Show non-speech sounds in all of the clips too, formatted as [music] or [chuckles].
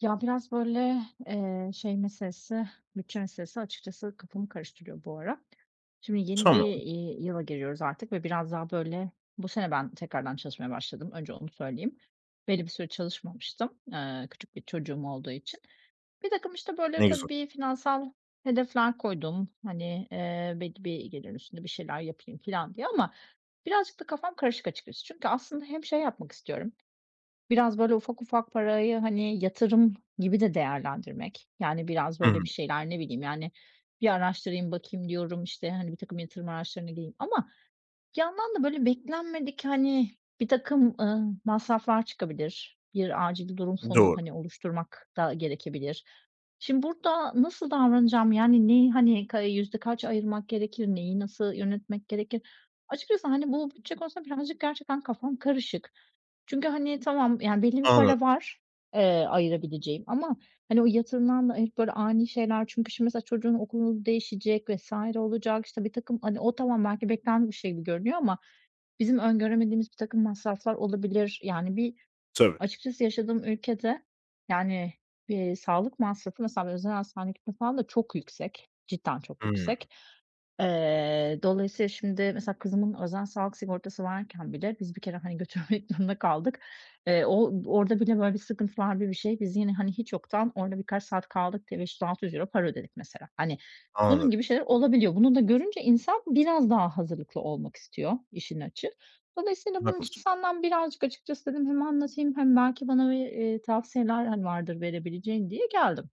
Ya, biraz, böyle, eee, şey meselesi, bütçe meselesi açıkçası kafamı karıştırıyor bu ara. Şimdi yeni bir, Tamam. iii, yıla giriyoruz artık ve biraz daha böyle bu sene ben tekrardan çalışmaya başladım, önce onu söyleyeyim. Belli bir süre çalışmamıştım. Iıı, küçük bir çocuğum olduğu için. Birtakım, işte, böyle, Ne güzel. tabii finansal hedefler koydum. Hani, eee, belli bir gelirin üstünde bir şeyler yapayım filan diye ama birazcık da kafam karışık açıkçası. Çünkü aslında hem şey yapmak istiyorum. Biraz, böyle, ufak ufak parayı, hani, yatırım gibi de değerlendirmek. Yani, biraz, böyle, Hımm. bir şeyler, ne bileyim, yani, bir araştırayım bakayım diyorum, işte, hani, birtakım yatırım araçlarına gireyim. Ama bir yandan da böyle beklenmedik, hani, birtakım, ııı, masraflar çıkabilir. Bir acil durum fonu, Doğru. hani, oluşturmak da gerekebilir. Şimdi, burada nasıl davranacağım? Yani, neyi, hani, ka iii, yüzde kaç ayırmak gerekir? Neyi, nasıl yönetmek gerekir? Açıkçası, hani, bu bütçe konusunda birazcık gerçekten kafam karışık. Çünkü, hani, tamam, yani, belli bir Anladım. para var, eee, ayırabileceğim ama, hani, o yatırımdan da hep böyle ani şeyler çünkü, şimdi, mesela çocuğun okulu değişecek vs. olacak. İşte, birtakım hani, o tamam, belki beklenen bir şey gibi görünüyor ama bizim öngöremediğimiz birtakım masraflar olabilir. Yani, bir, Tabii. açıkçası yaşadığım ülkede, yani, bir sağlık masrafı, mesela, bir özel hastaneye gitmek falan da çok yüksek, cidden çok Hımm. yüksek. Eee, dolayısıyla, şimdi, mesela, kızımın özel sağlık sigortası varken bile, biz bir kere, hani, götürmek zorunda kaldık, eee, o orada bile, böyle, sıkıntılar bi bi şey. Biz yine, hani, hiç yoktan, orada birkaç saat kaldık diye, €500-600 para ödedik, mesela. Hani, bunun Anladım. gibi şeyler olabiliyor. Bunu da görünce, insan biraz daha hazırlıklı olmak istiyor, işin açığı. Dolayısıyla, bunun Haklısın. için senden birazcık açıkçası, dedim, hem anlatayım hem belki bana, eee, bir tavsiyeler, hani, vardır verebileceğin diye geldim.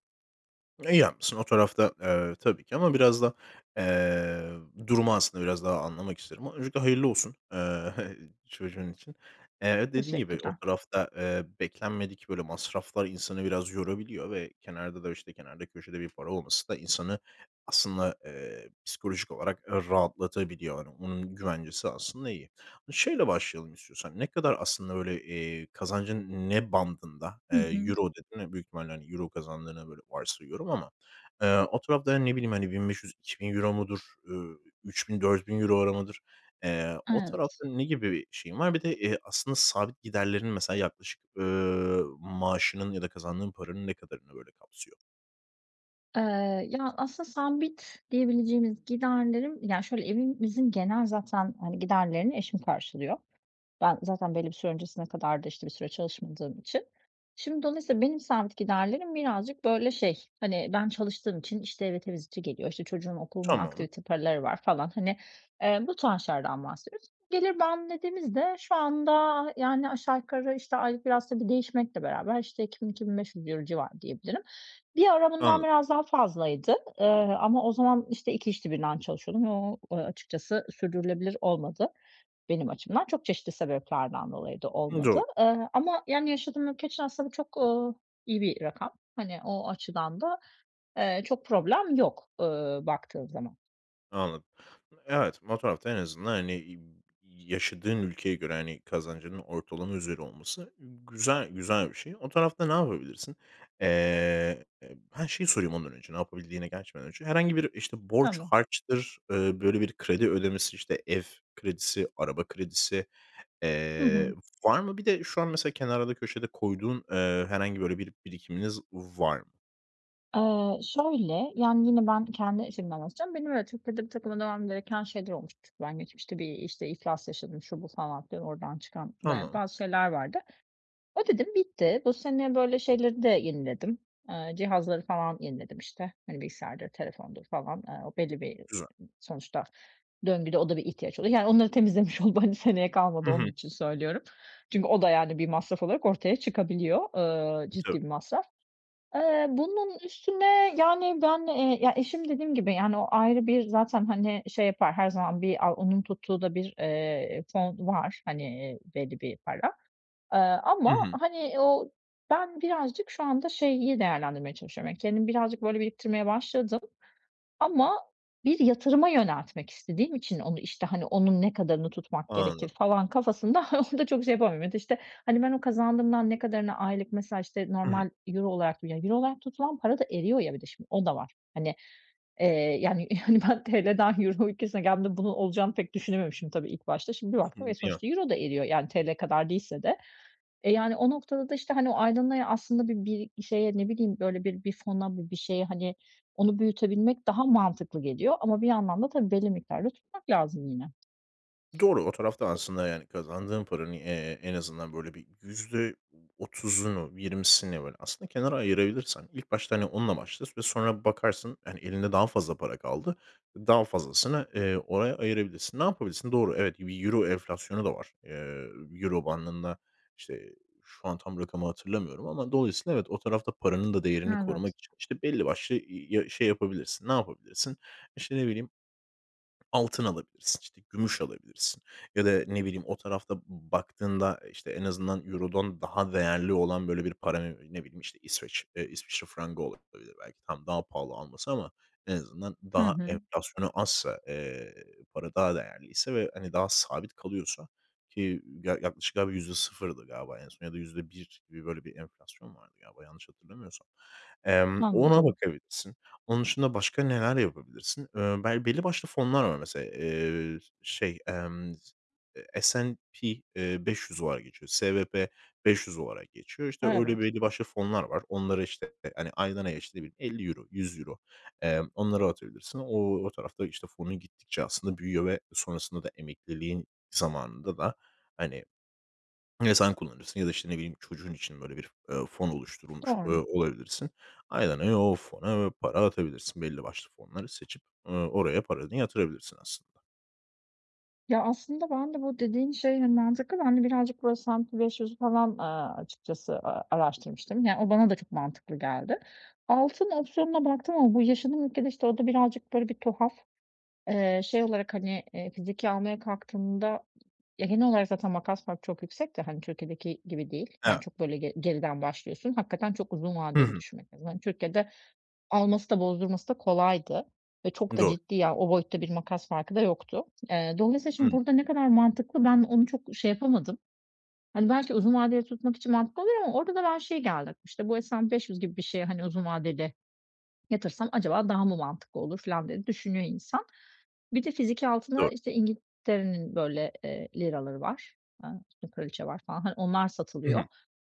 İyi yapmışsın. O tarafta, eee, tabii ki ama biraz da, eee, durumu aslında biraz daha anlamak isterim. Öncelikle hayırlı olsun, eee, [giggles] çocuğun için. Eee, dediğin gibi, o Teşekkürler. tarafta, eee, beklenmedik böyle masraflar insanı biraz yorabiliyor ve kenarda da işte, kenarda köşede bir para olması da insanı aslında, eee, psikolojik olarak, eee, rahatlatabiliyor. Hani onun güvencesi aslında iyi. E, şeyle başlayalım istiyorsan. Ne kadar aslında böyle, eee, kazancın ne bandında, eee, Hı hı. "euro" dedin ve büyük ihtimalle euro kazandığına böyle varsayıyorum ama, eee, o tarafta hani, ne bileyim, hani, 1.500-€2.000 mudur, ııı, 3.000-€4.000'lar mıdır? Eee, o Evet. tarafta ne gibi bir şeyin var? Bir de, eee, aslında sabit giderlerin mesela yaklaşık, ııı, maaşının ya da kazandığın paranın ne kadarını böyle kapsıyor? Eee, ya, aslında sabit diyebileceğimiz giderlerim ya, şöyle, evin bizim genel zaten, hani, giderlerini eşim karşılıyor. Ben zaten belli bir süre öncesine kadar da, işte, bir süre çalışmadığım için. Şimdi dolayısıyla benim sabit giderlerim birazcık böyle, şey, hani, ben çalıştığım için, işte, eve temizlikçi geliyor; işte, çocuğun okulunun Tamam. aktivite paraları var falan. Hani, eee, bu tarz şeylerden bahsediyoruz. Gelir bandı dediğimiz de şu anda yani aşağı yukarı, işte, aylık biraz tabii değişmekle beraber, işte, €2.000-€2.500 civarı diyebilirim. Bir ara bundan Anladım. biraz daha fazlaydı, ııı, ama o zaman, işte, 2 işte birden çalışıyordum ve o açıkçası sürdürülebilir olmadı benim açımdan; çok çeşitli sebeplerden dolayı da Imm, olmadı. do Iıı, ama yani yaşadığım ülke için aslında çok, ııı, iyi bir rakam. Hani o açıdan da, eee, çok problem yok, ııı, baktığın zaman. Anladım, e evet. O tarafta en azından, hani, ııı, yaşadığın ülkeye göre, hani, kazancının ortalama üzeri olması güzel güzel bir şey. O tarafta ne yapabilirsin? Eee b he, şeyi sorayım ondan önce, ne yapabildiğine geçmeden önce. Herhangi bir, işte, borç Tamam. harçtır, ııı, böyle bir kredi ödemesi, işte, ev kredisi, araba kredisi, Hı eee, hı. var mı? Bir de şu an mesela kenarda köşede koyduğun, eee, herhangi böyle birikiminiz var mı? Eee, şöyle, yani yine ben kendi açımdan anlatacağım. Benim öyle Türkiye'de birtakım ödemem gereken şeyler olmuştu. Çünkü ben geçmişte bir, işte, iflas yaşadım; şu bu falan filan oradan çıkan bayağı Tamam. bazı şeyler vardı. Ödedim, bitti. Bu sene böyle şeyleri de yeniledim, eee, cihazları falan yeniledim; işte, hani, bilgisayardır, telefondur falan, aaa, belli bir Güzel. sonuçta döngüde o da bir ihtiyaç oluyor. Yani onları temizlemiş oldum, hani seneye kalmadı Hı hı. onun için söylüyorum. Çünkü o da yani bir masraf olarak ortaya çıkabiliyor, ııı, I tabii. ciddi bir masraf. Eee, bunun üstüne yani ben, eee, ya, eşim dediğim gibi yani o ayrı bir zaten, hani, şey yapar; her zaman bir a onun tuttuğu da bir, eee, fon var, hani, eee, belli bir para, aaa, Hı ama hı. hani o ben birazcık şu anda şeyi değerlendirmeye çalışıyorum. Hani kendim birazcık böyle biriktirmeye başladım ama bir yatırıma yöneltmek istediğim için onu, işte, hani, onun ne kadarını tutmak gerekir Anladım. falan kafasında [giggles] onu da çok şey yapamıyorum. İşte, hani ben o kazandığımdan ne kadarını aylık mesela, işte, Hı hı. normal euro olarak; yani euro olarak tutulan para da eriyor ya bir de şimdi o da var. Hani, eee, yani yani ben TL'den euro ülkesine geldiğimde bunun olacağını pek düşünememişim tabii ilk başta. Şimdi bir baktım ve [unintelligible] sonuçta euro da eriyor yani TL kadar değilse de. E, yani o noktada da, işte, hani, o aydan aya aslında bir bir şeye, ne bileyim, böyle bir bir fona, bu bir şeye hani onu büyütebilmek daha mantıklı geliyor ama bir yandan da tabii belli miktarda tutmak lazım yine. Doğru, o tarafta aslında yani kazandığın paranın, eee, en azından böyle bir %30'unu, %20'sini böyle aslında kenara ayırabilirsen ilk başta onla başla; sü sonra bakarsın, hani, elinde daha fazla para kaldı, daha fazlasını, eee, oraya ayırabilirsin. Ne yapabilirsin? Doğru evet, bir euro enflasyonu da var. Eee, euro bandında, işte, şu an tam rakamı hatırlamıyorum ama dolayısıyla evet o tarafta paranın da değerini Evet. korumak için, işte, belli başlı, ııı, ya, şey yapabilirsin. Ne yapabilirsin? İşte, ne bileyim, altın alabilirsin, işte, gümüş alabilirsin ya da ne bileyim, o tarafta baktığında, işte, en azından eurodan daha değerli olan böyle bir para, ne bileyim, işte, İsveç, eee, İsviçre frangı olabilir. Belki, tamam, daha pahalı alması ama en azından Hı daha hı. enflasyonu azsa, eee, para daha değerliyse ve hani daha sabit kalıyorsa ki yaklaşık galiba yüzde sıfırdı galiba en son ya da %1 gibi böyle bir enflasyon vardı galiba yanlış hatırlamıyorsam. Emm, ona Anladım. bakabilirsin. Onun dışında başka neler yapabilirsin? Eee, bel belli başlı fonlar var mesela, eee, şey, emm, eee, SNP, eee, 500 var diye geçiyor, SWP500 olarak geçiyor; işte, öyle Evet. belli başlı fonlar var. Onlara, işte, hani, aydan aya işte bir €50, €100, eee, onlara atabilirsin. O o tarafta, işte, fonun gittikçe aslında büyüyor ve sonrasında da emekliliğin zamanında da hani, ya sen kullanırsın ya da işte, ne bileyim, çocuğun için böyle bir, eee, fon oluşturulmuş, eee, Doğru. olabilirsin. Aydan aya o fona, eee, para atabilirsin. Belli başlı fonları seçip, ııı, oraya paranı yatırabilirsin aslında. Ya, aslında ben de bu dediğin şey, hani, mantıklı ben de birazcık böyle S&P 500'ü falan, ııı, açıkçası, ııı, araştırmıştım. Yani, o bana da çok mantıklı geldi. Altın opsiyonuna baktım ama bu yaşadığım ülkede, işte, o da birazcık böyle bir tuhaf. Eee, şey olarak, hani, eee, fiziki almaya kalktığında, ya genel olarak zaten makas farkı çok yüksek de, hani, Türkiye'deki gibi değil, Evet. yani, çok böyle ge geriden başlıyorsun. Hakikaten çok uzun Hı vadeli hı. düşünmek lazım. Hani, Türkiye'de alması da bozdurması da kolaydı ve çok da Doğru. ciddi ya, o boyutta bir makas farkı da yoktu. Eee, dolayısıyla şimdi Hımm. burda ne kadar mantıklı ben onu çok şey yapamadım. Hani, belki uzun vadeli tutmak için mantıklı oluyor ama orda da ben şeye geldim işte bu hani S&P 500 gibi bir şeye, hani, uzun vadeli yatırsam acaba daha mı mantıklı olur filan diye düşünüyor insan. Bir de fiziki altınla, Doğru. işte, İngiltere'nin böyle, eee, liraları var, ııı, kraliçe var falan, hani, onlar Hı satılıyor hı.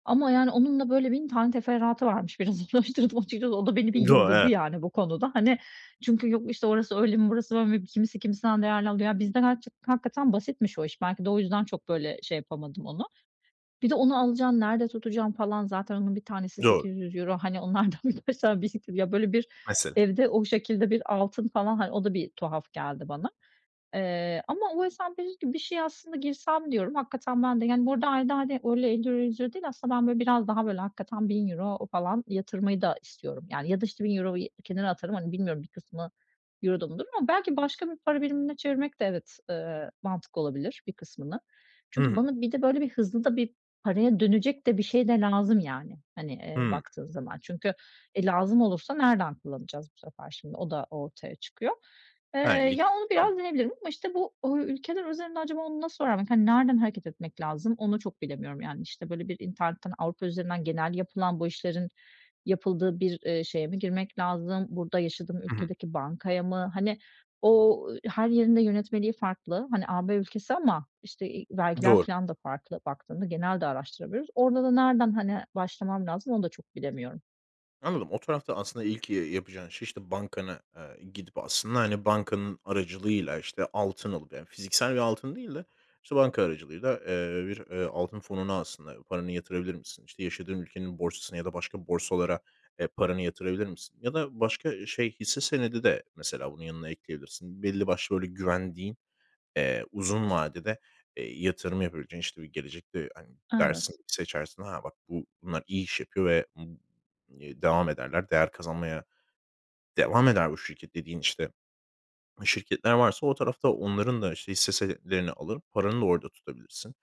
ama, yani, onun da, böyle, 1000 tane teferruatı varmış, biraz araştırdım açıkçası. O da beni bir Doğru, yıldırdı, evet. yani, bu konuda. Hani, çünkü yok, işte, orası öyle mi, burası böyle mi, kimisi kimisinden değerli alıyor. Ya bizden [unintelligible] hakikaten basitmiş o iş. Belki de o yüzden çok, böyle, şey yapamadım onu. Bir de onu alacaksın, nerede tutacaksın falan o zaten onun 1 tanesi Doğru. €800 hani, onlardan bir 3-5 tane birikir ya, böyle, bir Mesela. evde o şekilde bir altın falan, hani, o da bir tuhaf geldi bana. Eee, ama o S&P 500 gibi bir şeye aslında girsem diyorum, hakikaten ben de, yani, bu arada ayda, hani, öyle €50 €100 değil, aslında ben, böyle, biraz daha, böyle, hakikaten €1.000 falan yatırmayı da istiyorum, yani, ya da işte €1.000'yu kenara atarım, hani, bilmiyorum bir kısmı euro'da mı durur ama belki başka bir para birimine çevirmek de, evet, ııı, mantıklı olabilir bir kısmını. Hı Çünkü hı. bana bir de, böyle, bir hızlı da bir, paraya dönecek de bir şey de lazım yani, hani, eee, Hımm. baktığın zaman. Çünkü, e, lazım olursa nereden kullanacağız bu sefer şimdi o da ortaya çıkıyor. Eee, He. ya onu [unintelligible] biraz deneyebilirim ama, işte, bu, uuu, ülkeler üzerinde acaba onu nasıl öğrenmek, hani, nereden hareket etmek lazım onu çok bilemiyorum, yani. İşte, böyle, bir internetten, Avrupa üzerinden genel yapılan bu işlerin yapıldığı bir, eee, şeye mi girmek lazım, burada yaşadığım Hı hı. ülkedeki bankaya mı, hani, o, ııı, her yerin de yönetmeliği farklı, hani, AB ülkesi ama, işte, eee, vergiler Doğru. filan da farklı baktığında genelde araştırabilir. Orada da nereden, hani, başlamam lazım onu da çok bilemiyorum. Anladım, o tarafta aslında ilk, iii, yapacağın şey, işte, bankana, aaa, gidip aslında, hani, bankanın aracılığıyla, işte, altın alıp yani fiziksel bir altın değil de, işte, banka aracılığıyla, eee, bir, eee, altın fonuna aslında paranı yatırabilir misin? İşte, yaşadığın ülkenin borsasına ya da başka borsalara, eee, paranı yatırabilir misin? Ya da başka şey, hisse senedi de mesela bunun yanına ekleyebilirsin. Belli başlı böyle güvendiğin, eee, uzun vadede, eee, yatırım yapabileceğin, işte, bir gelecekte, hani, dersin, Evet. seçersin, ha, bak bu, bunlar iyi iş yapıyor ve ı ııı, devam ederler değer kazanmaya devam eder bu şirket dediğin, işte, şirketler varsa o tarafta onların da, işte, hisse senetlerini alır, paranı da orada tutabilirsin.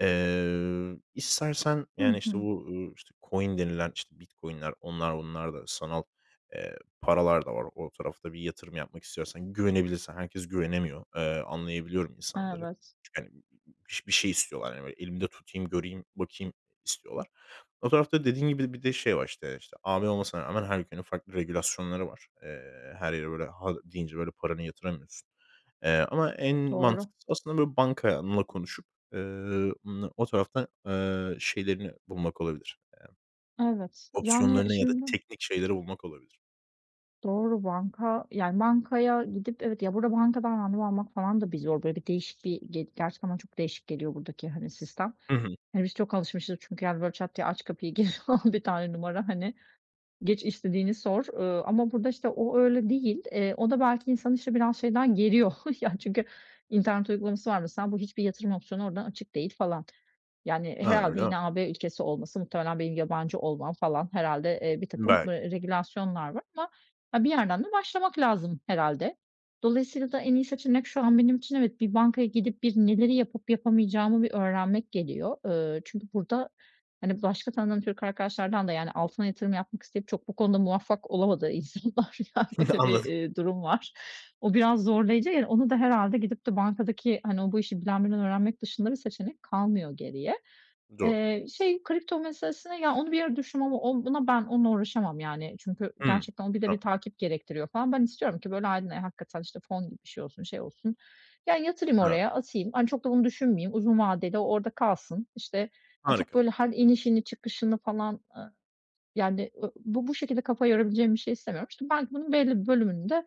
Eee, istersen Hı yani, işte hı. bu, ııı, işte coin denilen işte Bitcoin'ler, onlar, bunlar da sanal, eee, paralar da var o tarafta bir yatırım yapmak istiyorsan. Güvenebilirsen, herkes güvenemiyor. Eee, anlayabiliyorum insanları. Evet. Çünkü, hani biş bir şey istiyorlar, hani, böyle, elimde tutayım, göreyim, bakayım istiyorlar. O tarafta dediğin gibi, bir de şey var, işte işte, AB olmasına rağmen her ülkenin farklı regülasyonları var. Eee, her yere böyle "ha" deyince böyle paranı yatıramıyorsun. Eee, ama en Doğru. mantıklısı aslında böyle bankanla konuşup, eee, na o tarafta, eee, şeylerini bulmak olabilir, emm, Evet, yani opsiyonlarını ya da şimdi teknik şeyleri bulmak olabilir. Doğru. Banka yani, bankaya gidip evet Ya, burada bankadan randevu almak falan da bir zor, böyle bir değişik bir g gerçekten bana çok değişik geliyor buradaki, hani, sistem. Hı hı. Hani, biz çok alışmışız çünkü, yani, böyle çat diye aç kapıyı gir falan. Bir tane numara, hani, geç istediğini sor. Iıı, ama burada, işte, o öyle değil. Eee, o da belki insanı, işte, biraz şeyden geriyor, [chuckles] yani çünkü internet uygulaması var, mesela bu hiçbir yatırım opsiyonu oradan açık değil falan. Yani, Ha, herhâlde öyle mi? yine AB ülkesi olması, muhtemelen benim yabancı olmam falan herhâlde, eee, birtakım, Belki. eee, regülasyonlar var ama, ha, bir yerden de başlamak lazım herhâlde. Dolayısıyla da en iyi seçenek şu an benim için evet, bir bankaya gidip bir neleri yapıp yapamayacağımı bir öğrenmek geliyor. Eee, çünkü burada, hani, başka tanıdığım Türk arkadaşlardan da yani altına yatırım yapmak isteyip çok bu konuda muvaffak olamadı insanlar. Ya, öyle [chuckles] bir, Anladım. eee, durum var. O biraz zorlayıcı, yani, onu da herhâlde gidip de bankadaki, hani, o bu işi bilen birinden öğrenmek dışında bir seçenek kalmıyor geriye. Doğru. Eee, şey kripto meselesine ya, onu bir ara düşündüm ama o buna ben onunla uğraşamam, yani, çünkü Hıı. gerçekten o bir de A! bir takip gerektiriyor falan. Ben istiyorum ki böyle aydan aya hakikaten, işte, fon gibi bir şey olsun, şey olsun, ya, yatırayım Ha. oraya, atayım. Hani, çok da onu düşünmeyeyim. Uzun vadede o orada kalsın. İşte, hani, çok, Harika. böyle, her inişini çıkışını falan, ııı, yani, ııı, bu bu şekilde kafa yorabileceğim bir şey istemiyorum. İşte, belki bunun belli bir bölümünü de,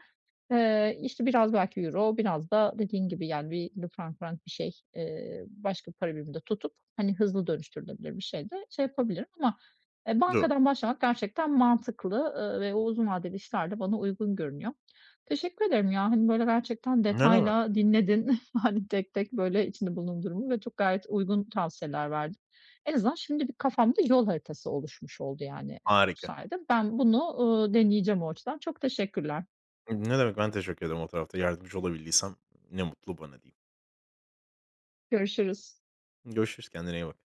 eee, işte, biraz belki euro, biraz da dediğin gibi yani bir [unintelligible] frank mrank bir şey, eee, başka bir para biriminde tutup, hani, hızlı dönüştürülebilir bir şeyde şey yapabilirim ama, eee, Doğru. bankadan başlamak gerçekten mantıklı, ııı, ve o uzun vadeli işler de bana uygun görünüyor. Teşekkür ederim ya, hani, böyle gerçekten Ne demek. detayla dinledin, [chuckles] hani tek tek, böyle, içinde bulunduğum durumu ve çok gayet uygun tavsiyeler verdin. En azından şimdi bir kafamda yol haritası oluşmuş oldu yani, e bu Harika. sayede. Ben bunu, ııı, deneyeceğim o açıdan. Çok teşekkürler. Imm, ne demek, ben teşekkür ederim o tarafta. Yardımcı olabildiysem ne mutlu bana diyeyim. Görüşürüz. Görüşürüz, kendine iyi bak.